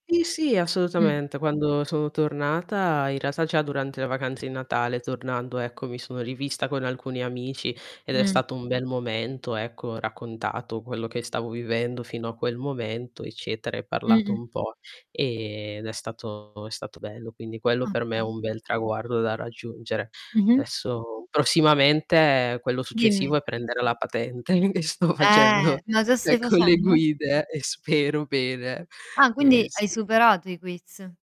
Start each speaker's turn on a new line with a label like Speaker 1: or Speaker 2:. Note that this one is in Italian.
Speaker 1: Sì, sì,
Speaker 2: Mh.
Speaker 1: assolutamente. Quando sono tornata, in realtà già durante le vacanze di Natale tornando, ecco, mi sono rivista con alcuni amici ed è
Speaker 2: Mh.
Speaker 1: stato un bel momento, ecco, ho raccontato quello che stavo vivendo fino a quel momento eccetera, e parlato
Speaker 2: Mh-mh.
Speaker 1: un po', ehm, ed è stato è stato bello. Quindi quello per me è
Speaker 2: Okay.
Speaker 1: un bel traguardo da raggiungere.
Speaker 2: Mh-mh.
Speaker 1: Adesso prossimamente quello successivo è
Speaker 2: Dimmi.
Speaker 1: prendere la patente e e sto
Speaker 2: Eh,
Speaker 1: facendo,
Speaker 2: ma già stai
Speaker 1: ecco, le
Speaker 2: facendo?
Speaker 1: guide e spero bene.
Speaker 2: Ah,
Speaker 1: Ehm,
Speaker 2: quindi hai
Speaker 1: sì.
Speaker 2: superato i quiz